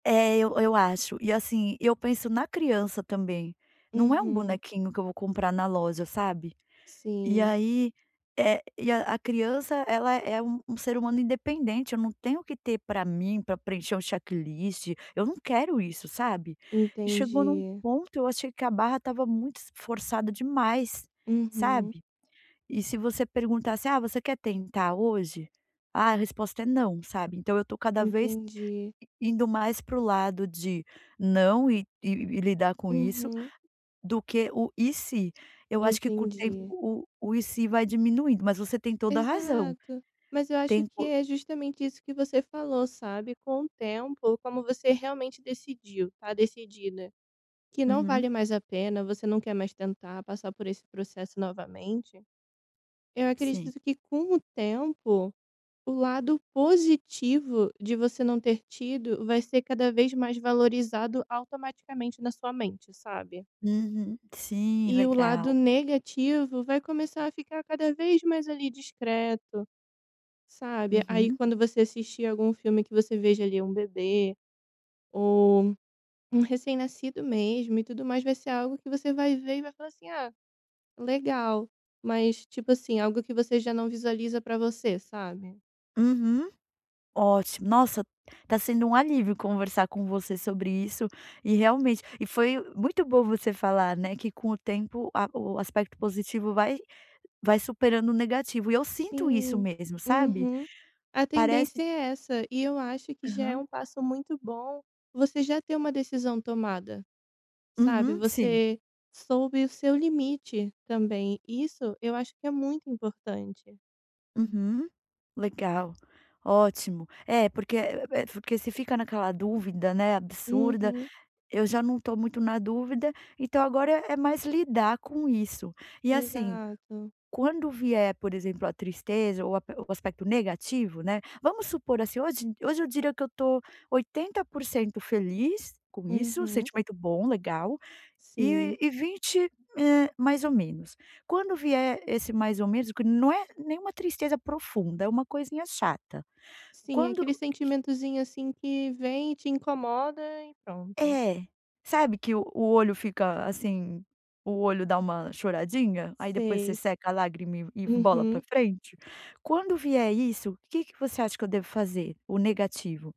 É eu eu acho e assim, eu penso na criança também, não é um Uhum. bonequinho que eu vou comprar na loja, sabe. E Sim. aí, eh, a criança ela é um um ser humano independente eu não tenho o que ter para mim para preencher um checklist eu não quero isso, sabe. E chegou em um Entendi. ponto eu achei que a barra estava muito s forçada demais, Uhum. sabe. E se você perguntasse: "Ah, você quer tentar hoje"? Ah, a resposta é "não" sabe, então eu estou cada vez Entendi. indo mais para o lado de não, e e e lidar com isso, Uhum. do que o "e se", eu acho que com o tempo Entendi. o o "e se" vai diminuindo mas você tem toda a razão, Exato. Mas eu acho que tempo é justamente isso que você falou sabe, com o tempo, como você realmente decidiu, tá decidida que não Uhum. vale mais a pena, você não quer mais tentar passar por esse processo novamente, eu Sim. acredito que com o tempo, o lado positivo de você não ter tido vai ser cada vez mais valorizado automaticamente na sua mente, sabe. Uhum, sim, E o lado legal. negativo vai começar a ficar cada vez mais ali discreto, sabe. Aí Uhum. quando você assistir algum filme que você veja ali um bebê, ou um recém nascido mesmo e tudo mais, vai ser algo que você vai ver e vai falar assim: "Ah, legal", mas tipo assim, algo que você já não visualiza para você, sabe. Uhum, ótimo. Nossa, tá sendo um alívio conversar com você sobre isso, e realmente e foi muito bom você falar, né, que com o tempo a o aspecto positivo vai vai superando o negativo e eu sinto isso Sim, mesmo sabe? uhum, a Parece tendência é essa, e eu acho que já é Aham. um passo muito bom você já ter uma decisão tomada, sabe, Uhum, sim. você soube o seu limite também, isso eu acho que é muito importante. Uhum, legal ótimo, é porque é porque você fica naquela dúvida, né, absurda, Uhum. eu já não estou muito na dúvida, então agora é mais lidar com isso. E assim, Exato. quando vier, por exemplo, a tristeza ou ape ou aspecto negativo, né, vamos supor assim hoje hoje eu diria que eu estou 80% feliz com isso Uhum. sentimento bom legal, e Sim. e 20, eh, mais ou menos. Quando vier esse mais ou menos não é nenhuma tristeza profunda, é uma coisinha chata, Sim, quando aquele sentimentozinho, assim, que vem e te incomoda, e pronto. É, sabe que o o olho fica assim, o olho dá uma choradinha aí depois você Sei. seca a lágrima e e bola para Uhum. frente? Quando vier isso que que você acha que eu devo fazer? O negativo.